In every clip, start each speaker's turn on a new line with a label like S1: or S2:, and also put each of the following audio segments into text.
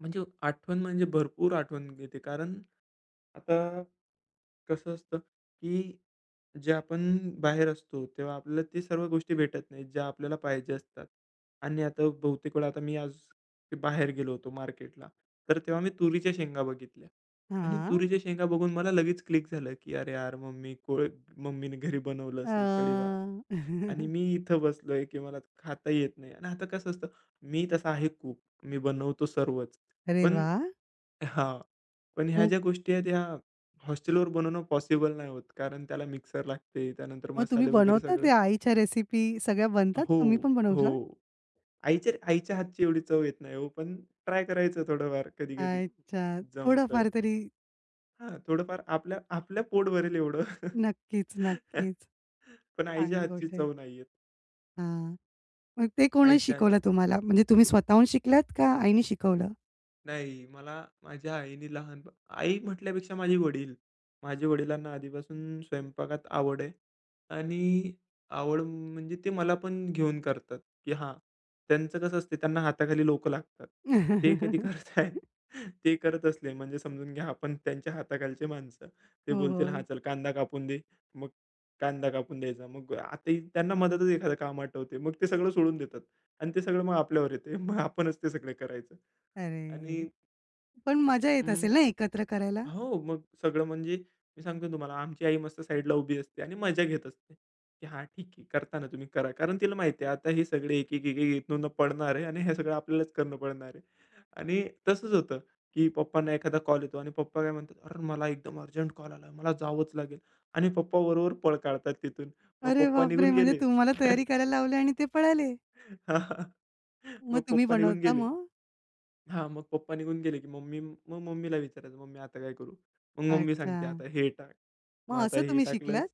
S1: म्हणजे आठवण म्हणजे भरपूर आठवण घेते, कारण आता कसं असतं, की जे आपण बाहेर असतो, तेव्हा आपल्याला ते सर्व गोष्टी भेटत नाहीत, ज्या आपल्याला पाहिजे असतात. आणि आता बहुतेक वेळा आता मी आज बाहेर गेलो होतो मार्केटला. तर तेव्हा मी तुरीच्या शेंगा बघितल्या आणि
S2: हां.
S1: तुरीच्या शेंगा बघून मला लगेच क्लिक झालं, की अरे, यार, मम्मी को मम्मीने घरी बनवलं असेल कढीभात.
S2: अ
S1: आणि मी इथे बसलोय, की मला खाता येत नाही आणि आता कसं असतं मी तसा आहे कूक. मी बनवतो सर्वच.
S2: अरे
S1: पण
S2: वा!
S1: हां, पण ह्या
S2: हं.
S1: ज्या गोष्टी आहेत, ह्या हॉस्टेलवर बनवणं पॉसिबल नाही होत, कारण त्याला मिक्सर लागते, त्यानंतर
S2: मग तुम्ही
S1: मसाले वगैरे
S2: बनवता
S1: सगळे
S2: ते आईच्या रेसिपी सगळ्या
S1: अ,
S2: बनतात?
S1: हो,
S2: तुम्ही पण बनवतात?
S1: हो, आईच्या आईच्या हातची एवढी चव येत नाही हो. पण ट्राय करायचं थोडंफार कधी-कधी,
S2: अच्छा,
S1: जमतंय.
S2: थोडाफार तरी.
S1: हां, थोडंफार आपल्या आपल्या पोट भरेल एवढं.
S2: नक्कीच, नक्कीच.
S1: पण आईच्या
S2: चांगली
S1: हातची
S2: गोष्ट आहे.
S1: चव नाही येत.
S2: हां. मग ते कोणी
S1: आईच्या हात
S2: शिकवलं तुम्हाला, म्हणजे तुम्ही स्वतःहून शिकलात? का आईनी शिकवलं?
S1: नाही. मला माझ्या आईने लहानप आई म्हटल्यापेक्षा माझे वडील. माझ्या वडिलांना आधीपासून स्वयंपाकात आवड आहे. आणि आवड म्हणजे ते मला पण घेऊन करतात. की हां, त्यांचं कसं असते, त्यांना हाताखाली लोकं लागतात. ते कधी करताहेत ते करत असले म्हणजे समजून घ्या, आपण त्यांच्या हाताखालची माणसं.
S2: हो,
S1: ते बोलतील, "हां,
S2: हो.
S1: चल कांदा कापून दे," मग कांदा कापून द्यायचा. मग आताही त्यांना मधेच एखादं काम आठवते. मग ते सगळं सोडून देतात आणि ते सगळं मग आपल्यावर येतंय. मग आपणच ते सगळं करायचं.
S2: अरे!
S1: आणि
S2: पण मजा येत
S1: हं.
S2: असेल ना, एकत्र करायला?
S1: हो, मग सगळं म्हणजे मी सांगतोय तुम्हाला, आमची आई मस्त साइडला उभी असते आणि मजा घेत असते, की "हां, ठीक आहे, करताना तुम्ही, करा." कारण तिला माहिती आहे, आता हे सगळे एक, एक, एक, एक पडणार आहे आणि हे सगळं आपल्यालाच करणं पडणार आहे. आणि तसंच होतं, की पप्पांना एखादा कॉल येतो आणि पप्पा काय म्हणतात, "अर्र, मला एकदम अर्जंट कॉल आला, मला जावंच लागेल." आणि पप्पा बरोबर पळ काढतात तिथून. मग
S2: अरे
S1: पप्पा निघून
S2: बापरे! म्हणजे
S1: गेले.
S2: तुम्हाला तयारी करायला लावले आणि ते पळाले. मग
S1: मग
S2: तुम्ही
S1: पप्पा निघून
S2: बनवता
S1: गेले
S2: मग?
S1: हां, मग पप्पा निघून गेले की मी, मम्मीला विचारायचं, "मग मी आता काय करू?" मग मम्मी सांगते,
S2: अच्छा.
S1: "आता हे टाक, मग
S2: मग
S1: आता
S2: असं
S1: हे
S2: तुम्ही
S1: टाकलंस"
S2: शिकलात?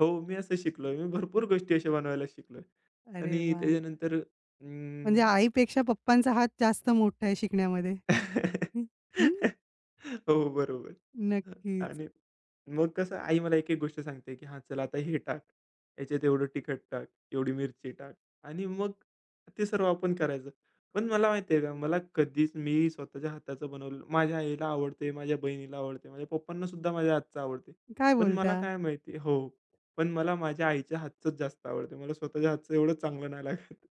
S1: हो, मी असं शिकलोय. मी भरपूर गोष्टी अशा बनवायला शिकलोय.
S2: अरे
S1: आणि
S2: वाह!
S1: त्याच्यानंतर
S2: म्हणजे
S1: अं
S2: आई पेक्षा पप्पांचा हात जास्त मोठा आहे शिकण्यामध्ये. हं, हं.
S1: हो, बरोबर.
S2: नक्कीच.
S1: आणि मग कसं आई मला एक, एक गोष्ट सांगते, की "हां, चल आता हे टाक, ह्याच्यात एवढं तिखट टाक, एवढी मिरची टाक." आणि मग ते सर्व आपण करायचं. पण मला माहिती आहे का, मला कधीच मी स्वतःच्या हाताचं बनवलं माझ्या आईला आवडतं. माझ्या बहिणीला आवडतं. माझ्या पप्पांनासुद्धा माझ्या हातचं आवडतं.
S2: काय
S1: पण मला
S2: बोलता?
S1: काय माहिती हो. पण मला माझ्या आईच्या हातचंच जास्त आवडतंय. मला स्वतःच्या हातचं एवढं चांगलं नाही लागत.